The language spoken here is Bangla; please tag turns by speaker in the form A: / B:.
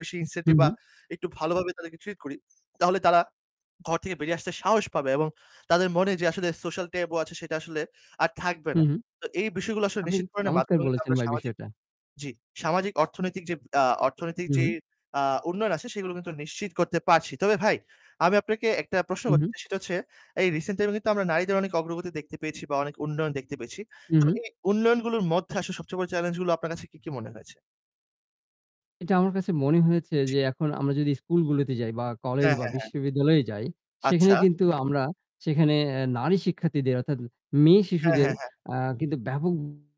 A: বেশি incentive বা
B: হুম।
A: একটু ভালোভাবে তাদেরকে ট্রিট করি তাহলে তারা ঘর থেকে বেরিয়ে আসতে সাহস পাবে এবং তাদের মনে যে আসলে social taboo আছে সেটা আসলে আর থাকবে না।
B: হুম,
A: তো এই বিষয়গুলো আসলে
B: আপনি
A: নিশ্চিত করনের
B: চমৎকার
A: মাধ্যমে কিন্তু
B: বলেছেন
A: আমরা
B: ভাই
A: সামাজিক
B: বিষয়টা।
A: জি, সামাজিক অর্থনৈতিক যে, আ অর্থনৈতিক যে,
B: হুম।
A: আ উন্নয়ন আছে সেগুলো কিন্তু নিশ্চিত করতে পারছি। তবে ভাই আমি আপনাকে একটা প্রশ্ন করতে
B: হুম।
A: চাই সেটা হচ্ছে এই রিসেন্ট টাইম এ কিন্তু আমরা নারীদের অনেক অগ্রগতি দেখতে পেয়েছি বা অনেক উন্নয়ন দেখতে পেয়েছি। তবে
B: হুম।
A: এই উন্নয়নগুলোর মধ্যে আসলে সবচেয়ে বড় চ্যালেঞ্জ গুলো আপনার কাছে কি, কি মনে হয়েছে?
B: এটা আমার কাছে মনে হয়েছে
A: জি।
B: যে এখন আমরা যদি স্কুলগুলোতে যাই বা কলেজ
A: হ্যাঁ,
B: বা
A: হ্যাঁ, হ্যাঁ।
B: বিশ্ববিদ্যালয়ে যাই সেখানে
A: আচ্ছা।
B: কিন্তু আমরা সেখানে এ নারী শিক্ষার্থীদের অর্থাৎ মেয়ে
A: হ্যাঁ,
B: শিশুদের
A: হ্যাঁ, হ্যাঁ।
B: আ কিন্তু ব্যাপক